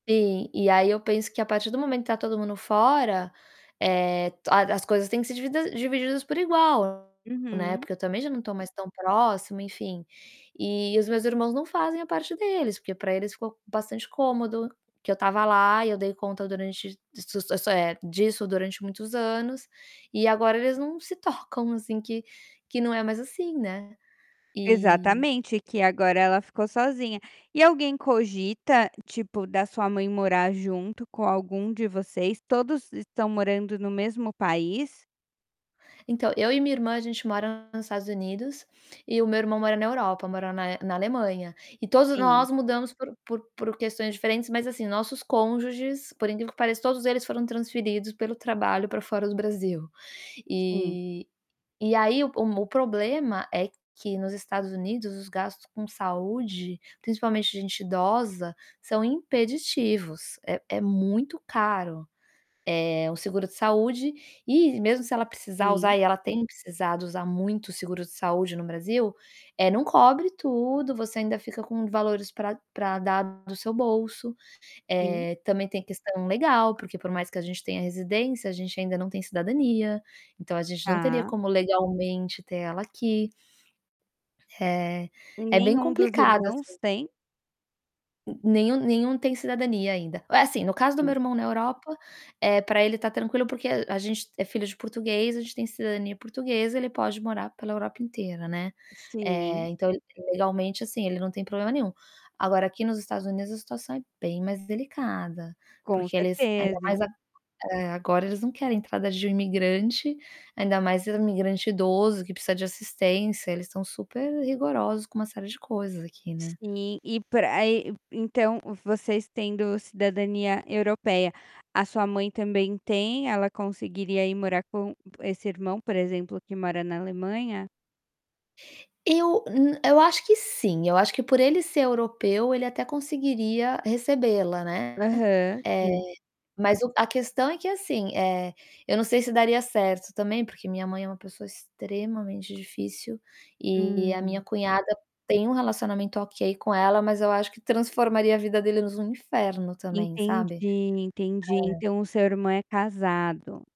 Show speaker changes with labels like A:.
A: Sim, e aí eu penso que a partir do momento que tá todo mundo fora, eh, a as coisas têm que ser divida divididas por igual, né,
B: Uhum.
A: porque eu também já não tô mais tão próximo, enfim. E os meus irmãos não fazem a parte deles, porque pra eles ficou bastante cômodo, que eu tava lá e eu dei conta durante s s eh, disso durante muitos anos e agora eles não se tocam, assim, que que não é mais assim, né. E
B: Exatamente, que agora ela ficou sozinha. E alguém cogita, tipo, da sua mãe morar junto com algum de vocês? Todos estão morando no mesmo país?
A: Então, eu e minha irmã, a gente mora nos Estados Unidos e o meu irmão mora na Europa, mora na na Alemanha. E todos
B: Sim.
A: nós mudamos por por por questões diferentes, mas, assim, nossos cônjuges, por incrível que pareça, todos eles foram transferidos, pelo trabalho, pra fora do Brasil.
B: Sim.
A: E e aí o mo o problema é que nos Estados Unidos, os gastos com saúde, principalmente de gente idosa, são impeditivos. É é muito caro, eh, o seguro de saúde. E, mesmo se ela precisar
B: Sim.
A: usar, e ela tem precisado usar muito o seguro de saúde no Brasil, eh, não cobre tudo, você ainda fica com valores pra pra dar do seu bolso.
B: Sim.
A: Eh, também tem a questão legal, porque por mais que a gente tenha residência, a gente ainda não tem cidadania, então a gente não teria
B: Tá.
A: como, legalmente, ter ela aqui. Eh,
B: E
A: é bem
B: nenhum dos
A: complicado,
B: irmãos
A: assim.
B: tem?
A: N nenhum nenhum tem cidadania ainda. Assim, no caso do meu
B: Sim.
A: irmão na Europa, eh, pra ele tá tranquilo, porque é a gente é filho de português, a gente tem cidadania portuguesa, ele pode morar pela Europa inteira, né.
B: Sim.
A: Eh, então, ele, legalmente, assim, ele não tem problema nenhum. Agora, aqui nos Estados Unidos, a situação é bem mais delicada,
B: Com
A: porque eles, ainda
B: certeza.
A: mais ag eh, agora eles não querem entrada de imigrante, ainda mais imigrante idoso, que precisa de assistência. Eles tão super-rigorosos com uma série de coisas aqui, né?
B: Sim, e pra aí, e então vocês tendo cidadania europeia, a sua mãe também tem? Ela conseguiria ir morar com esse irmão, por exemplo, que mora na Alemanha?
A: Eu n eu acho que sim, eu acho que por ele ser europeu, ele até conseguiria recebê-la, né, eh,
B: Aham, sim.
A: mas o a questão é que assim, eh, eu não sei se daria certo também, porque minha mãe é uma pessoa extremamente difícil e a minha
B: Hum.
A: cunhada tem um relacionamento ok com ela, mas eu acho que transformaria a vida deles num inferno também,
B: Entendi,
A: sabe.
B: entendi.
A: É.
B: Então o seu irmão é casado.